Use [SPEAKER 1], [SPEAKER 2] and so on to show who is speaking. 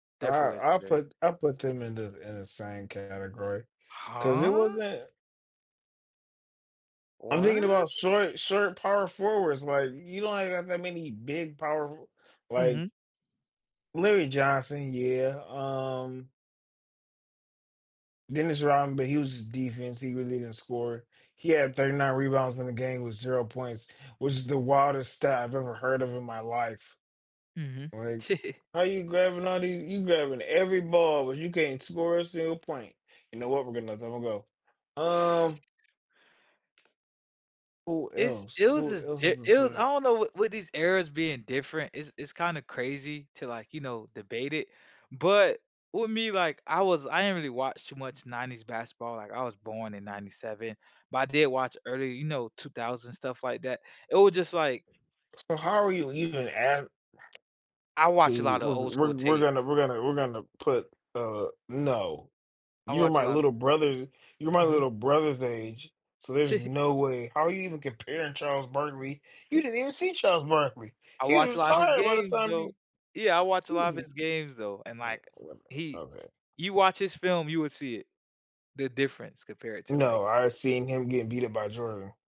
[SPEAKER 1] I
[SPEAKER 2] Definitely
[SPEAKER 1] I'll
[SPEAKER 2] legendary.
[SPEAKER 1] put I'll put them in the in the same category, 'cause it
[SPEAKER 2] Huh?
[SPEAKER 1] wasn't I'm thinking
[SPEAKER 2] What?
[SPEAKER 1] about short short power forwards, like, you don't even have that many big power, like
[SPEAKER 2] Mhm.
[SPEAKER 1] Larry Johnson, yeah, um Dennis Rodman, but he was his defense, he really didn't score. He had 39 rebounds in the game with 0 points, which is the wildest stat I've ever heard of in my life.
[SPEAKER 2] Mhm.
[SPEAKER 1] Like, how are you grabbing all the you're grabbing every ball, but you can't score a single point. You know what? We're gonna let that one go. Um Who
[SPEAKER 2] It's
[SPEAKER 1] else?
[SPEAKER 2] it was
[SPEAKER 1] Who
[SPEAKER 2] just
[SPEAKER 1] else
[SPEAKER 2] di
[SPEAKER 1] is
[SPEAKER 2] it was I
[SPEAKER 1] there?
[SPEAKER 2] don't know, w with these eras being different, it's it's kinda crazy to, like, you know, debate it. But with me, like I was I didn't really watch too much '90s basketball, like, I was born in '97, but I did watch early, you know, 2000s stuff like that. It was just like
[SPEAKER 1] So how are you even av
[SPEAKER 2] I watch a
[SPEAKER 1] We
[SPEAKER 2] lotta
[SPEAKER 1] we're
[SPEAKER 2] old school
[SPEAKER 1] we're we're
[SPEAKER 2] tape.
[SPEAKER 1] gonna we're gonna we're gonna put, uh no,
[SPEAKER 2] I
[SPEAKER 1] you're
[SPEAKER 2] watch a
[SPEAKER 1] my
[SPEAKER 2] lotta
[SPEAKER 1] little brother's you're my
[SPEAKER 2] Mhm.
[SPEAKER 1] little brother's age, so there's no way how are you even comparing Charles Barkley? You didn't even see Charles Barkley.
[SPEAKER 2] I
[SPEAKER 1] He was
[SPEAKER 2] watched a lot of his
[SPEAKER 1] retired by the
[SPEAKER 2] games
[SPEAKER 1] time
[SPEAKER 2] though.
[SPEAKER 1] you
[SPEAKER 2] Yeah, I watched a lot of
[SPEAKER 1] Jesus
[SPEAKER 2] his games though, and,
[SPEAKER 1] Uh,
[SPEAKER 2] like,
[SPEAKER 1] well,
[SPEAKER 2] he
[SPEAKER 1] my bad.
[SPEAKER 2] you watch his film, you would see it, the difference compared to like
[SPEAKER 1] No, I've seen him get beat up by Jordan.